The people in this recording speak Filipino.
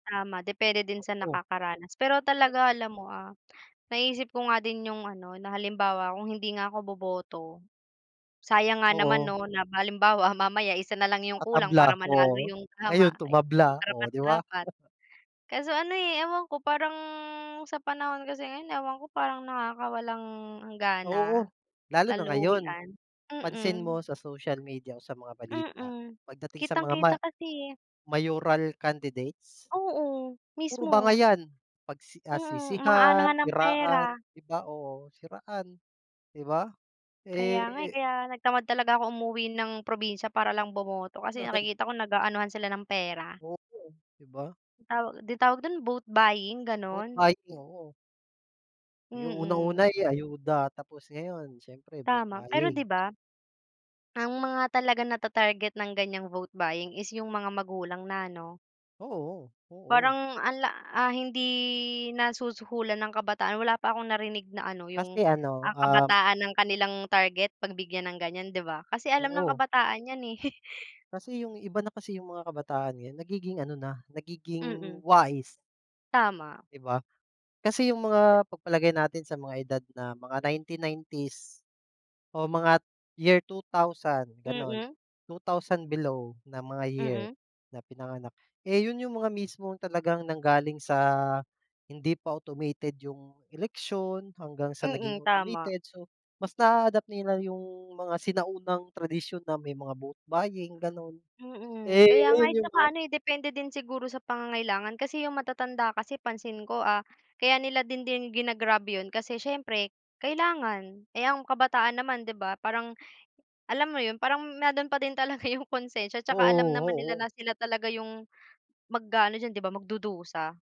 Tama, depende din sa Oo. nakakaranas. Pero talaga [unintelligible] alam mo, ah, naisip ko nga din 'yong ano na halimbawa kung hindi nga ako boboto, sayang nga naman Oo. 'no na halimbawa mamaya isa na lang 'yong kulang Tatabla, para manalo oo. 'yong tama, Ngayon ay, tumabla, 'yong oh, 'di ba? karapat-dapat. Kaso, ano, eh, ewan ko, parang sa panahon kasi ngayon, ewan ko, parang nakakawalang han gana. Oo, lalo na ngayon. Kaluhian. Pansin Mm. mo sa social media o sa mga balita, Mm, pagdating sa mga ma kitang-kita kasi, eh. mayoral candidates. Oo, Puro mismo. bangayan pagsi ah, Mm, mga sisihan, anuhan ng siraan, pera. 'di ba, oo, siraan, 'di ba, Kaya nga, eh, eh kaya nag tamad talaga akong umuwi ng probinsya para lang bumoto kasi nakikita ko nag-aanuhan sila ng pera. Oo nga, eh, 'di ba. 'Yon tawag 'di tawag do'n vote buying, Vote gano'n. buying, oo. 'Yong unang una Mm. ay ya ayuda tapos ngayon siyempre vote Tama, pero, 'di buying. ba ang mga talagang natatarget ng ganiyang vote buying is 'yong mga magulang na ano Oo, oo. parang anla ah, hindi nasusuhulan ang kabataan. Wala pa akong narinig na, ano, 'yong Kasi, ano, ang um kabataan ang kanilang target 'pag bigyan ng ganiyan, 'di ba. Kasi alam ng Oo. kabataan 'yan, eh. Kasi 'yong iba na kasi 'yong mga kabataan ngayon. Nagiging ano na, nagiging Mm. wais. Tama. 'Di ba? Kasi 'yong mga pagpalagay natin sa mga edad na mga 1990s o mga t year 2000, gano'n. Mm. 2000 below na mga year Mm. na pinanganak. Eh, 'yon 'yong mga mismong talagang nanggaling sa hindi pa automated 'yong eleksyon, hanggang sa naging Mm, tama. automated. So mas na-a-adapt nila 'yong mga sinaunang tradisyon na may mga vote buying gano'n. Mm, Eh, kaya nga, ngayon eh, 'yong saka, mga ano, eh, depende din siguro sa pangangailangan. Kasi 'yong matatanda kasi pansin ko, ah, kaya nila din din gina-grab 'yon kasi siyempre kailangan. Eh, ng kabataan naman, 'di ba, parang, alam mo, 'yon parang mayro'n pa din talaga 'yong konsensya 'tsaka alam Oo, naman nila oo. na sila talaga 'yong mag-aano diyan, 'di ba, magdudusa.